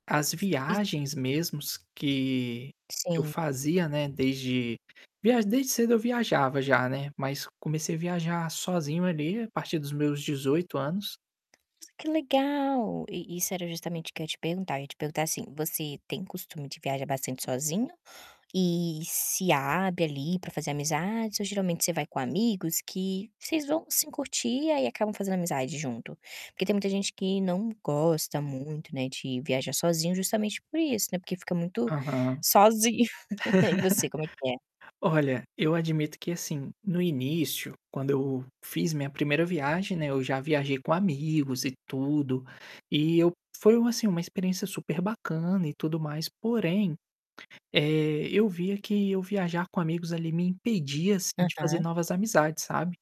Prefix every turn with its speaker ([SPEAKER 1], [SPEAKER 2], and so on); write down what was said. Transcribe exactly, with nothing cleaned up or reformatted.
[SPEAKER 1] As
[SPEAKER 2] [unintelligible]
[SPEAKER 1] viagens mesmos que que eu
[SPEAKER 2] Sim.
[SPEAKER 1] fazia, né, desde viaj desde cedo eu viajava já, né. Mas comecei a viajar sozinho ali a partir dos meus dezoito anos.
[SPEAKER 2] Nossa, que legal! E isso era justamente o que ia te perguntar ia te perguntar, assim: Você tem costume de viajar bastante sozinho e se abre ali para fazer amizades ou geralmente você vai com amigos que vocês vão sim curtir, aí acabam fazendo amizade junto? Porque tem muita gente que não gosta muito, né, de viajar sozinho justamente por isso, né, porque fica
[SPEAKER 1] Aham.
[SPEAKER 2] muito sozinho. E você como é que é?
[SPEAKER 1] Olha, eu admito que, assim, no início, quando eu fiz minha primeira viagem, né, eu já viajei com amigos e tudo, e eu foi, assim, uma experiência super bacana e tudo mais porém, eh, eu via que eu viajar com amigos ali me impedia, assim, de fazer
[SPEAKER 2] Aham.
[SPEAKER 1] novas amizades, sabe.